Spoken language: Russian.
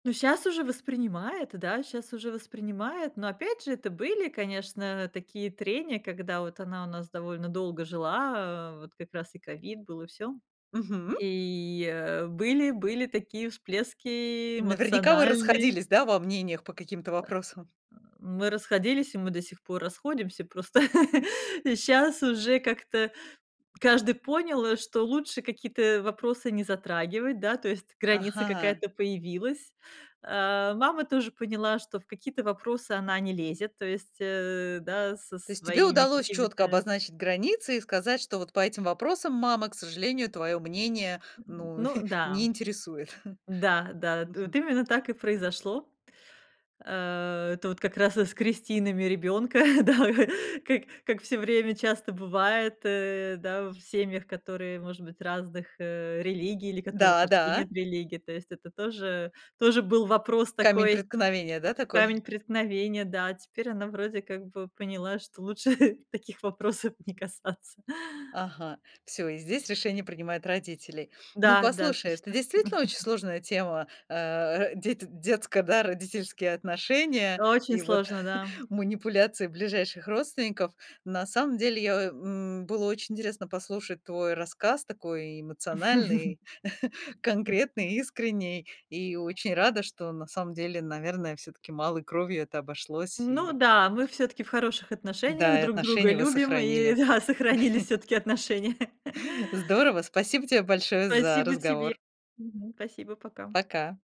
Ну щас уже воспринимает, да, щас уже воспринимает. Но опять же, это были, конечно, такие трения, когда вот она у нас довольно долго жила, э, вот как раз и, э, ковид был, и всё. Мгм. И, э, были были такие всплески Наверняка вы эмоциональные. расходились, да, во мнениях по каким-то Э, вопросам. э. Мы расходились, и мы до сих пор расходимся. Просто щас уже как-то каждый понял, что лучше какие-то вопросы не затрагивать, да, то есть граница Ага. какая-то появилась, э, мама тоже поняла, что в какие-то вопросы она не лезет, то есть, э, да, со То есть тебе своими удалось чётко какими-то обозначить границы, и сказать, что вот по этим вопросам, мама, к сожалению, твоё мнение, М, ну, ну не да, интересует. да, да, вот Мгм. именно так и произошло, э, это вот как раз и с крестинами ребёнка, да, как как всё время часто бывает, э, да, в семьях, которые, может быть, разных, э, религий, или которых Да, вообще да. нет религии. То есть, это тоже тоже был вопрос Камень такой, преткновения, да, такой? камень преткновения. Да, теперь она вроде, как бы поняла, что лучше таких вопросов не касаться. Ага, всё, и здесь решение принимают родители. Ну Да, да, послушай, это точно. действительно очень сложная тема, а, ро дети детско, да, родительские отношения, Очень и вот сложно, да. манипуляции ближайших родственников. На самом деле я, м, было очень интересно послушать твой рассказ, такой эмоциональный, конкретный, искренний, и очень рада, что на самом деле, наверное, всё-таки малой кровью это обошлось Ну и да, мы всё-таки в хороших отношениях, Да, и друг друга отношения вы любим, и сохранили. да, сохранились всё-таки отношения. Здорово, спасибо тебе большое за Спасибо тебе. разговор. Мгм. Спасибо, пока. Пока.